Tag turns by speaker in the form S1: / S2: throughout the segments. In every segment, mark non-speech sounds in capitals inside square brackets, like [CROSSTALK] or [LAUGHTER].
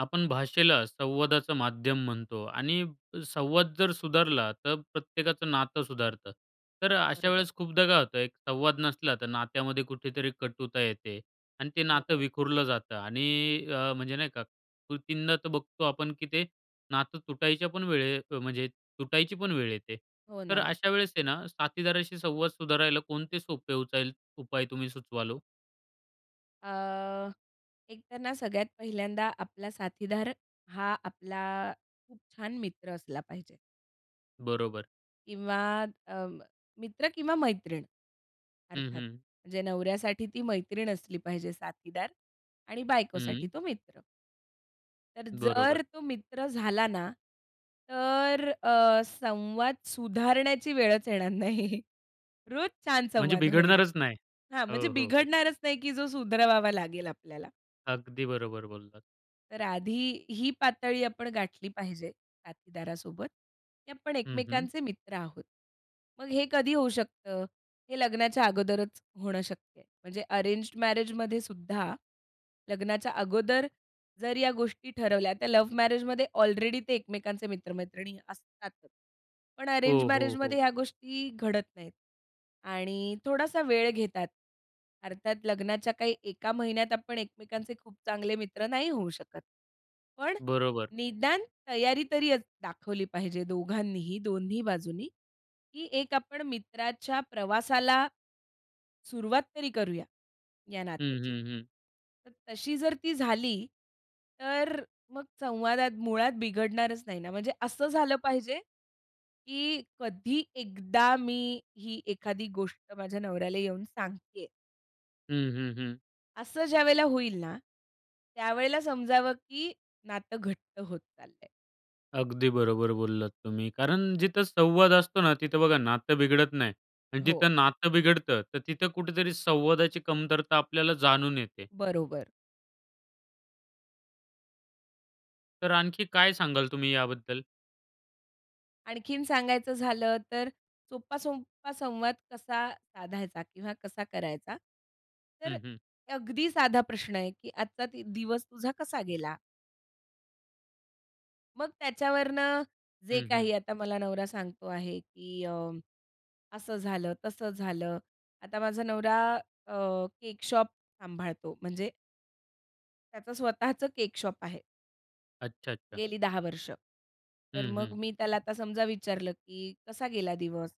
S1: आपण भाषेला संवादाचं माध्यम म्हणतो आणि संवाद जर सुधारला, तर प्रत्येकाचं नातं सुधारतं. तर अशा
S2: बरोबर.
S1: वेळेस खूपदा काय होत, एक संवाद नसला तर नात्यामध्ये कुठेतरी कटुता येते आणि ते
S2: हो,
S1: नातं
S2: हो.
S1: विखुरलं जातं आणि अ, म्हणजे, नाही का, कृतींना तर बघतो आपण की ते नातं तुटायच्या पण वेळे म्हणजे तुटायची पण वेळ येते.
S2: हो
S1: तर
S2: ना.
S1: अशा वेळेस आहे ना, साथीदाराशी संवाद सुधारायला कोणते सोपे उचाल उपाय तुम्ही सुचवाल ओ?
S2: अ, एकतर ना सगळ्यात पहिल्यांदा आपला साथीदार हा आपला खूप छान मित्र असला पाहिजे.
S1: बरोबर.
S2: किंवा अं, मित्र किंवा मैत्रीण,
S1: हं,
S2: अर्थात.
S1: हं.
S2: म्हणजे नवऱ्यासाठी ती मैत्रीण असली पाहिजे साथीदार आणि बायकोसाठी
S1: हम्म.
S2: तो मित्र. तर जर
S1: बरोबर.
S2: तो मित्र झाला ना, तर अ, संवाद सुधारण्याची वेळच येणार नाही. रोज छान
S1: म्हणजे
S2: संवाद होईल.
S1: बिघडणारच नाही?
S2: हां, म्हणजे
S1: हो, हो, हो.
S2: बिघडणारच नाही की जो सुधरवावा लागेल आपल्याला.
S1: अगदी बरोबर बोललात.
S2: तर आधी ही पातळी आपण गाठली पाहिजे साथीदारासोबत, की आपण
S1: हं, हं.
S2: एकमेकांचे मित्र आहोत. मग हे कधी होऊ शकतं? हे लग्नाच्या अगोदरचं होणं शक्य आहे. म्हणजे अरेंज्ड मॅरेजमध्ये सुद्धा, लग्नाच्या अगोदर जर या गोष्टी ठरवल्या, तर लव्ह मॅरेजमध्ये ऑलरेडी ते एकमेकांचे मित्र-मैत्रिणी असतातच. पण अरेंज
S1: हो, हो,
S2: मॅरेजमध्ये
S1: हो.
S2: ह्या गोष्टी घडत नाहीत आणि थोडासा वेळ घेतात. अर्थात लग्नाच्या काही एका महिन्यात आपण एकमेकांचे खूप चांगले मित्र नाही होऊ शकत. पण
S1: बरोबर.
S2: निदान तयारी तरी अज दाखवली पाहिजे दोघांनीही, दोन्ही बाजूंनी, की एक आपण मित्राच्या प्रवासाला, सुरुवात तरी करूया, या
S1: हं,
S2: नात्याची.
S1: हं, हं.
S2: तर तशी जर ती झाली, तर मग संवादात मुळात बिघडणारच नाही ना. म्हणजे असं झालं पाहिजे, की कधी एकदा मी ही एखादी गोष्ट माझ्या नवऱ्याला येऊन सांगते आहे.
S1: हं, हं, हं.
S2: असं ज्यावेळेला होईल ना, त्यावेळेला समजावं, की नातं घट्ट होत चाललंय.
S1: अगदी बरोबर बोललात तुम्ही. कारण जिथं संवाद असतो ना, तिथं बघा नातं बिघडत नाही आणि
S2: हो.
S1: जिथं नातं बिघडतं. तर तिथं कुठेतरी संवादाची कमतरता आपल्याला जाणून येते.
S2: बरोबर.
S1: तर आणखी काय सांगाल तुम्ही याबद्दल?
S2: आणखीन सांगायचं झालं तर, सोपा, सोपा संवाद कसा साधायचा किंवा कसा करायचा? तर
S1: हं, हं.
S2: अगदी साधा प्रश्न आहे, की आजचा दि दिवस तुझा कसा गेला? मग त्याच्यावरनं जे
S1: हं, हं.
S2: काही आता मला नवरा सांगतो आहे, की अ, असं झालं, तसं झालं. आता माझा नवरा अ, केक शॉप सांभाळतो, म्हणजे त्याचं स्वतःचं केक शॉप आहे.
S1: अच्छा, अच्छा.
S2: गेली 10 वर्ष. तर
S1: हं,
S2: मग
S1: हं.
S2: मी त्याला आता समजा विचारलं, की कसा गेला दिवस?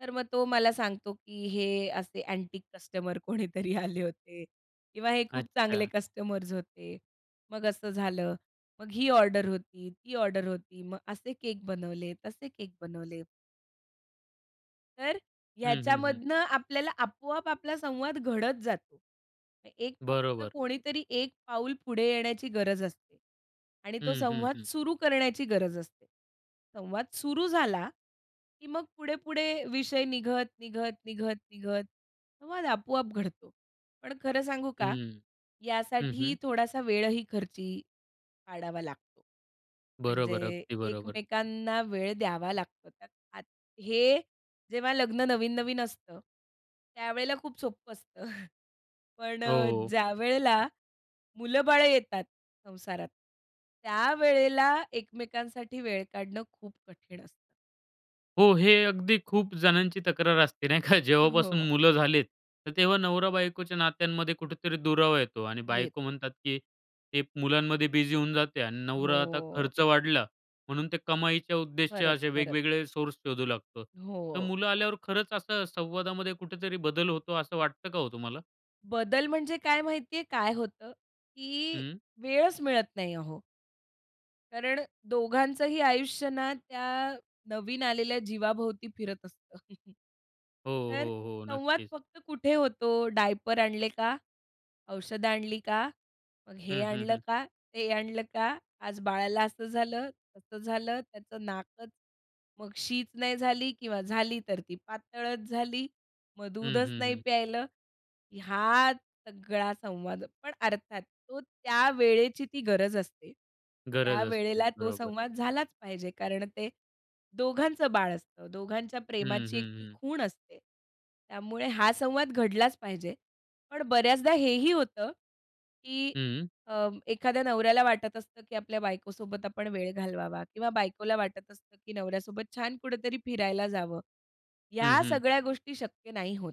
S2: तर मग तो मला सांगतो, की "हे असे अँटीक कस्टमर कोणीतरी आले होते किंवा हे खूप चांगले
S1: अच्छा.
S2: कस्टमर्स होते. मग असं झालं, मग ही ऑर्डर होती, ती ऑर्डर होती, मग असे केक बनवले, तसे केक बनवले." तर
S1: हं, हं, हं.
S2: ह्याच्यामधनं आपल्याला आपोआप आपला संवाद घडत जातो. अ, एक फक्त
S1: बरोबर.
S2: कोणीतरी एक पाऊल पुढे येण्याची गरज असते आणि तो
S1: हं, हं,
S2: संवाद
S1: हं.
S2: सुरू करण्याची गरज असते. संवाद सुरू झाला, की मग पुढे-पुढे विषय निघत, निघत, निघत, निघत संवाद आपोआप घडतो. पण खरं सांगू का?
S1: हं. हं,
S2: यासाठी
S1: हं.
S2: थोडासा वेळही खर्ची पाडावा लागतो.
S1: बरोबर.
S2: म्हणजे
S1: अगदी बरोबर.
S2: एकमेकांना वेळ द्यावा लागतो. तर आत हे जेव्हा लग्न नवीन-नवीन असतं, त्यावेळेला खूप सोपं असतं. पण अ,
S1: हो.
S2: ज्यावेळेला मुलं-बाळं येतात संसारात, त्यावेळेला एकमेकांसाठी वेळ काढणं खूप कठीण असतं.
S1: हो. हे अगदी खूप जणांची तक्रार असते. नाही का? जेव्हापासून
S2: हो.
S1: मुलं झालेत, तर तेव्हा नवरा-बायकोच्या नात्यांमध्ये कुठेतरी दुरावा येतो आणि बायको
S2: येतो.
S1: म्हणतात की ते मुलांमध्ये बिझी होऊन जाते आणि नवरा आता
S2: हो.
S1: खर्च वाढला, म्हणून ते कमाईच्या उद्देश्य
S2: खरंच,
S1: असे
S2: खरंच.
S1: वेगवेगळे सोर्स शोधू लागतो. तर
S2: हो.
S1: मुलं आल्यावर खरंच असं संवादामध्ये कुठेतरी बदल होतो, असं वाटतं का हो तुम्हाला?
S2: बदल म्हणजे काय माहिती आहे काय होतं? की
S1: हं.
S2: वेळच मिळत नाही अहो. कारण दोघांचंही आयुष्य ना त्या नवीन आलेल्या जीवाभोवती फिरत असतं. [CHUCKLES]
S1: हो, हो,
S2: तर
S1: हो.
S2: संवाद
S1: नक्कीच.
S2: फक्त कुठे होतो? "डायपर आणले का? औषधं आणली का?" मग हे
S1: हं, हं,
S2: आणलं
S1: हं.
S2: का? ते आणलं का? आज बाळाला असं झालं, तसं झालं. त्याचं नाकच मग शीच नाही झाली किंवा झाली तर ती पातळच झाली. मग
S1: हं,
S2: दूधच
S1: हं,
S2: नाही
S1: हं.
S2: प्यायलं. ह्यात सगळा संवाद पण अर्थात तो त्या वेळेची ती गरज असते.
S1: गरज असते.
S2: त्यावेळेला तो
S1: बरोबर.
S2: संवाद झालाच पाहिजे कारण ते दोघांचं बाळ असतं, दोघांच्या
S1: हं,
S2: प्रेमाची एक
S1: हं,
S2: ती
S1: हं.
S2: खूण असते. त्यामुळे हा संवाद घडलाच पाहिजे. पण बऱ्याचदा हेही होतं, की
S1: हं.
S2: अ, एखाद्या नवऱ्याला वाटत असतं, की आपल्या बायकोसोबत आपण वेळ घालवावा किंवा बायकोला वाटत असतं, की नवऱ्यासोबत छान कुठेतरी फिरायला जावं.
S1: हं,
S2: या
S1: हं.
S2: सगळ्या गोष्टी शक्य नाही होत.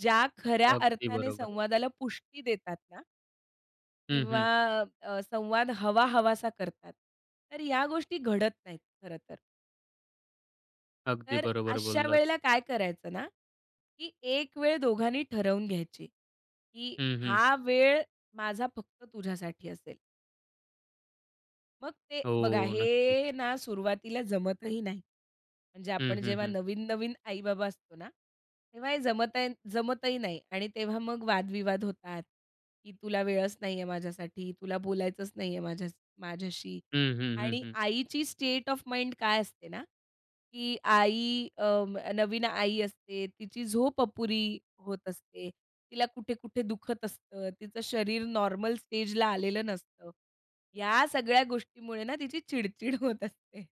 S2: ज्या खऱ्या
S1: अगदी
S2: अर्थाने
S1: बरोबर.
S2: संवादाला पुष्टी देतात ना
S1: हं,
S2: किंवा
S1: हं.
S2: अ, संवाद हवा-हवासा करतात. तर या गोष्टी घडत नाहीत खरं तर.
S1: अगदी
S2: तर,
S1: बरोबर
S2: अशा
S1: बोललात.
S2: वेळेला काय करायचं ना एक वेळ दोघांनी ठरवून घ्यायची की
S1: हं, हं.
S2: हा वेळ माझा फक्त तुझ्यासाठी असेल. मग ते बघा,
S1: हो, नक्कीच.
S2: हे ना सुरुवातीला जमतही नाही. म्हणजे
S1: हं,
S2: आपण
S1: हं,
S2: जेव्हा
S1: हं.
S2: नवीन-नवीन आई-बाबा असतो ना, तेव्हा हे जमतन जमतही नाही आणि तेव्हा मग वाद-विवाद होतात; की तुला वेळच नाहीये माझ्यासाठी, तुला बोलायचंच नाहीये माझ्यास माझ्याशी
S1: हं, हं, हं,
S2: आणि
S1: हं.
S2: आईची स्टेट ऑफ माइंड काय असते ना की आई अं, नवीन आई असते, तिची झोप अपुरी होत असते, तिला कुठे-कुठे दुखत असतं, तिचं शरीर नॉर्मल स्टेजला आलेलं नसतं. या सगळ्या गोष्टीमुळे ना तिची चिड-चिड होत असते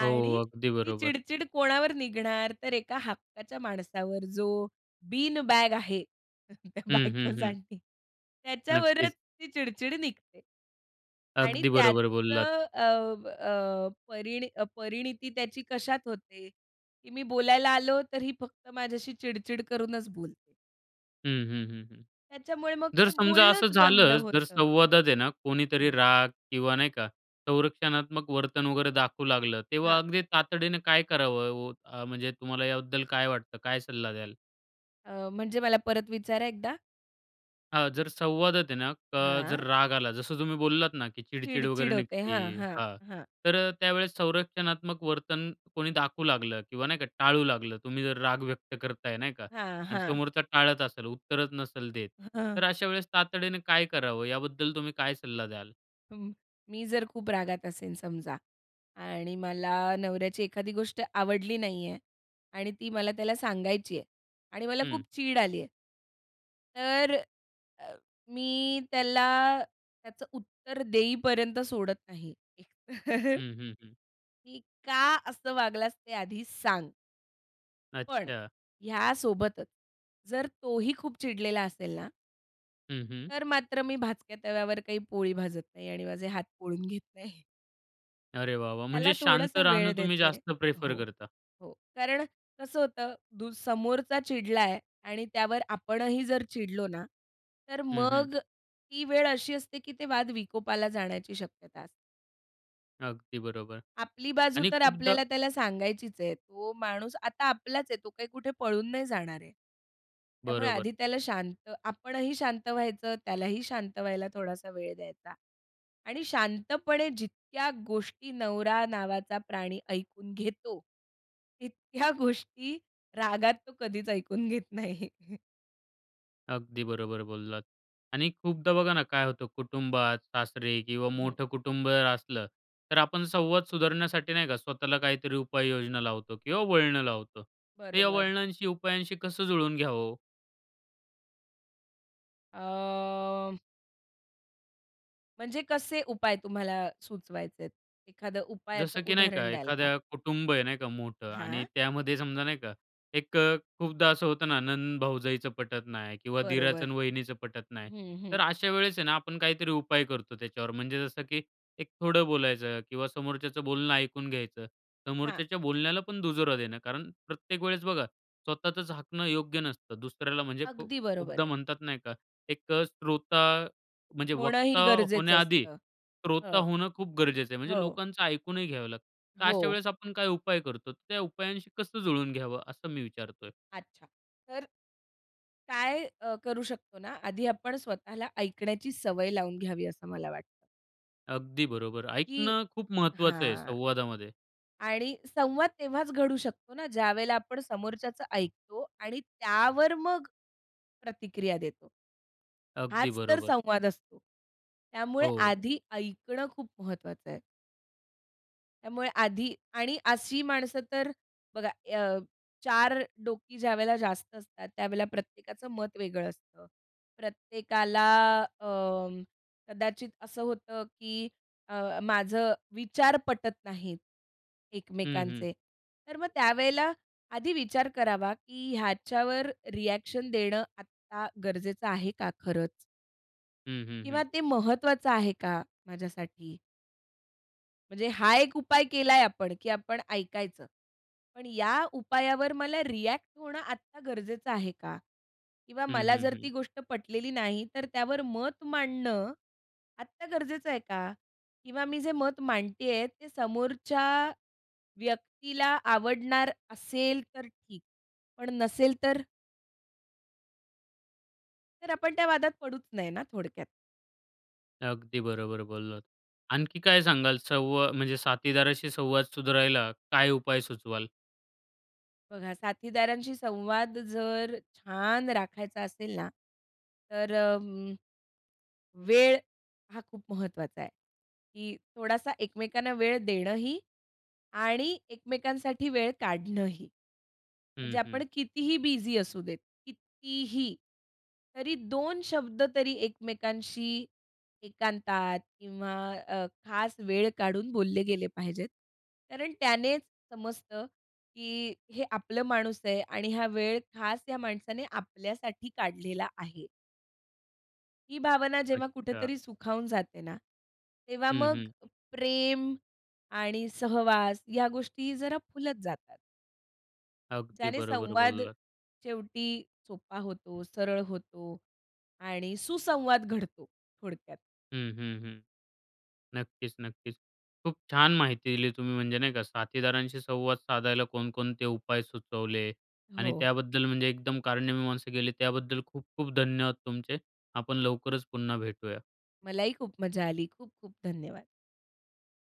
S1: हो,
S2: आणि
S1: अगदी
S2: ती
S1: बरोबर.
S2: चिड-चिड कोणावर निघणार? तर एका हक्काच्या माणसावर, जो "बीन बॅग" आहे त्या
S1: हं, हं, हं.
S2: बायकोसाठी, त्याच्यावरच
S1: नक्कीच.
S2: ती चिड-चिड निघते. आणि
S1: अगदी बरोबर बोललात.
S2: त्याचं अं, अ परिणी परिणीती त्याची कशात होते की मी बोलायला आलो तर ही फक्त माझ्याशी चिड-चिड करूनच बोलते.
S1: हं, हं, हं, हं.
S2: त्याच्यामुळे, मग
S1: जर
S2: ते
S1: समजा असं
S2: बोलणंच बंद
S1: झालंच? जर
S2: होतं.
S1: संवादात आहे ना, कोणीतरी
S2: हं.
S1: राग किंवा नाही का, संरक्षणात्मक वर्तन वगैरे दाखवू लागलं, तेव्हा
S2: हां?
S1: अगदी तातडीने काय करावं? व अ, म्हणजे तुम्हाला याबद्दल काय वाटतं? काय सल्ला द्याल?
S2: अ, म्हणजे मला परत विचारा एकदा?
S1: हां, जर संवादात आहे ना अ, जर
S2: हां.
S1: राग आला, जसं तुम्ही बोललात ना की चिडचिड
S2: चिडचिड
S1: वगैरे
S2: होते.
S1: निघते
S2: हां, हां.
S1: हां,
S2: हां.
S1: तर अ, त्यावेळेस संरक्षणात्मक वर्तन कोणी दाखवू लागलं किंवा नाही का, टाळू लागलं, तुम्ही जर राग व्यक्त करत आहे नाही का
S2: हां,
S1: आणि
S2: हां.
S1: समोरचा टाळत असेल, उत्तरच नसेल देत,
S2: हं.
S1: तर अशा वेळेस तातडीने काय करावं? याबद्दल तुम्ही काय सल्ला द्याल?
S2: म मी जर खूप रागात असेन समजा आणि मला नवऱ्याची एखादी गोष्ट आवडली नाहीये आणि ती मला त्याला सांगायची आहे आणि मला
S1: हं.
S2: खूप चीड आली आहे तर अ, मी त्याला त्याचं उत्तर देईपर्यंत सोडत नाही. [CHUCKLES]
S1: हं, हं, हं.
S2: की "का असं वागलास, ते आधी सांग." पण
S1: अच्छा.
S2: ह्या सोबतच, जर तोही खूप चिडलेला असेल ना
S1: हं, हं.
S2: तर मात्र मी भाचक्या तव्यावर काही पोळी भाजत नाही आणि माझे हात पोळून घेत नाही.
S1: अरे वाह! वाह!
S2: त्याला
S1: म्हणजे शांत
S2: थोडंसं वेळ
S1: राहणं तुम्ही
S2: देते
S1: जास्त प्रेफर
S2: हो,
S1: करता.
S2: हो. कारण कसं होतं दू समोरचा चिडलाय आणि त्यावर आपणही जर चिडलो ना, तर
S1: हं, हं.
S2: मग ती वेळ अशी असते की ते वाद विकोपाला जाण्याची शक्यता असते.
S1: अगदी बरोबर.
S2: आपली बाजू
S1: आणि
S2: तर
S1: खूपदा
S2: आपल्याला त्याला सांगायचीच आहे. तो माणूस आता आपलाच आहे, तो काही कुठे पळून नाही जाणार आहे. त्यामुळे
S1: बरोबर.
S2: आधी त्याला शांत आपणही शांत व्हायचं, त्यालाही शांत व्हायला थोडासा वेळ द्यायचा आणि शांतपणे जितक्या गोष्टी नवरा नावाचा प्राणी ऐकून घेतो तितक्या गोष्टी रागात तो कधीच ऐकून घेत नाही.
S1: अगदी बरोबर बोललात. आणि खूपदा बघा ना काय होतं कुटुंबात सासरे किंवा
S2: हं.
S1: मोठं कुटुंब असलं, तर आपण संवाद सुधारण्यासाठी, नाही का, स्वतःला काहीतरी उपाययोजना लावतो किंवा वळणं लावतो. तर या
S2: बरोबर.
S1: वळणांशी उपायांशी कसं जुळून घ्यावं हो?
S2: अ. म्हणजे कसे उपाय तुम्हाला सुचवायचेत? एखादं उपायाचं
S1: जसं की नाही का,
S2: उदाहरण द्याल का?
S1: एखाद्या कुटुंब आहे नाही का मोठं आणि
S2: हां.
S1: त्यामध्ये समजा, नाही का, एक अ, खूपदा असं होतं ना नणंद-भाऊजईचं पटत नाही किंवा दीराच
S2: बरोबर.
S1: आणि वहिनीचं पटत नाही,
S2: हं, हं.
S1: तर अशा वेळेस आहे ना आपण काहीतरी उपाय करतो त्याच्यावर, म्हणजे जसं की एक थोडं बोलायचं किंवा समोरच्याचं बोलणं ऐकून घ्यायचं,
S2: हां.
S1: समोरच्याच्या बोलण्याला पण दुजोरा देणं, कारण प्रत्येक वेळेस बघा स्वतःचंच हाकणं योग्य नसतं, दुसऱ्याला म्हणजे खु
S2: अगदी बरोबर
S1: खूपदा
S2: आहे.
S1: म्हणतात नाही का एक अ, श्रोता, म्हणजे
S2: होणंही
S1: वक्ता
S2: गरजेचं
S1: होण्याआधी
S2: असतं.
S1: श्रोता
S2: हं.
S1: होणं खूप गरजेचं आहे, म्हणजे
S2: हो.
S1: लोकांचं ऐकूनही घ्यावं लागतं. तर अशा
S2: हो.
S1: वेळेस आपण काय उपाय करतो. त्या उपायांशी कसं जुळवून घ्यावं असं मी विचारतोय?
S2: अच्छा. तर काय अ, करू शकतो ना, आधी आपण स्वतःला ऐकण्याची सवय लावून घ्यावी असं मला वाटतं.
S1: अगदी बरोबर.
S2: की
S1: ऐकणं खूप महत्त्वाचं आहे
S2: हां.
S1: संवादामध्ये.
S2: आणि संवाद तेव्हाच घडू शकतो ना ज्यावेळेला आपण समोरच्याचं ऐकतो आणि त्यावर मग प्रतिक्रिया देतो.
S1: अगदी
S2: हाच तर
S1: बरोबर.
S2: संवाद असतो. त्यामुळे
S1: हो.
S2: आधी ऐकणं खूप महत्वाचं आहे. त्यामुळे आधी आणि अशी माणसं तर बघा अ, चार डोकी ज्यावेळेला जास्त असतात, त्यावेळेला प्रत्येकाचं मत वेगळं असतं. प्रत्येकाला अं, कदाचित असं होतं की अ, माझं विचार पटत नाहीत
S1: हं, हं.
S2: एकमेकांचे. तर मग त्यावेळेला आधी विचार करावा की ह्याच्यावर रिएक्शन देणं आत्ता गरजेचं आहे का खरंच?
S1: हं, हं,
S2: किंवा
S1: हं.
S2: ते महत्वाचं आहे का माझ्यासाठी? म्हणजे हा एक उपाय केलाय आपण की आपण ऐकायचं, पण या उपायावर मला रिएक्ट होणं आत्ता गरजेचं आहे का? किंवा
S1: हं,
S2: मला
S1: हं,
S2: जर ती
S1: हं.
S2: गोष्ट पटलेली नाही, तर त्यावर मत मांडणं आत्ता गरजेचं आहे का? किंवा मी जे मत मांडते आहे, ते समोरच्या व्यक्तीला आवडणार असेल तर ठीक, पण नसेल तर? तर आपण त्या वादात पडूच नये ना, थोडक्यात.
S1: अगदी बरोबर बोललात. आणखी काय सांगाल? संवा म्हणजे साथीदाराशी संवाद सुधारायला, काय उपाय सुचवाल?
S2: बघा, साथीदारांशी संवाद जर छान राखायचा असेल ना तर अं, वेळ हा खूप महत्त्वाचा आहे, की थोडासा एकमेकांना वेळ देणंही आणि एकमेकांसाठी वेळ काढणंही. म्हणजे
S1: हं,
S2: आपण
S1: हं.
S2: कितीही बिझी असू देत, कितीही, तरी दोन शब्द तरी एकमेकांशी एकांतात किंवा अ, खास वेळ काढून बोलले गेले पाहिजेत. कारण त्यानेच समजतं की हे आपलं माणूस आहे आणि हा वेळ खास या माणसाने आपल्यासाठी काढलेला आहे. ही भावना जेव्हा
S1: अच्छा.
S2: कुठेतरी सुखावून जाते ना, तेव्हा
S1: हं,
S2: मग
S1: हं.
S2: प्रेम आणि सहवास ह्या गोष्टी जरा फुलत जातात
S1: अगदी
S2: ज्याने
S1: बरोबर
S2: संवाद
S1: बोललात.
S2: शेवटी सोपा होतो, सरळ होतो, आणि सुसंवाद घडतो थोडक्यात.
S1: हं, हं, हं. नक्कीच, नक्कीच. खूप छान माहिती दिली तुम्ही, म्हणजे नाही का साथीदारांशी संवाद साधायला कोणकोणते उपाय सुचवले आणि
S2: हो.
S1: त्याबद्दल म्हणजे एकदम कारणी मीमांसा केली त्याबद्दल खूप-खूप धन्यवाद तुमचे. आपण लवकरच पुन्हा भेटूया.
S2: मलाही खूप मजा आली. खूप-खूप धन्यवाद.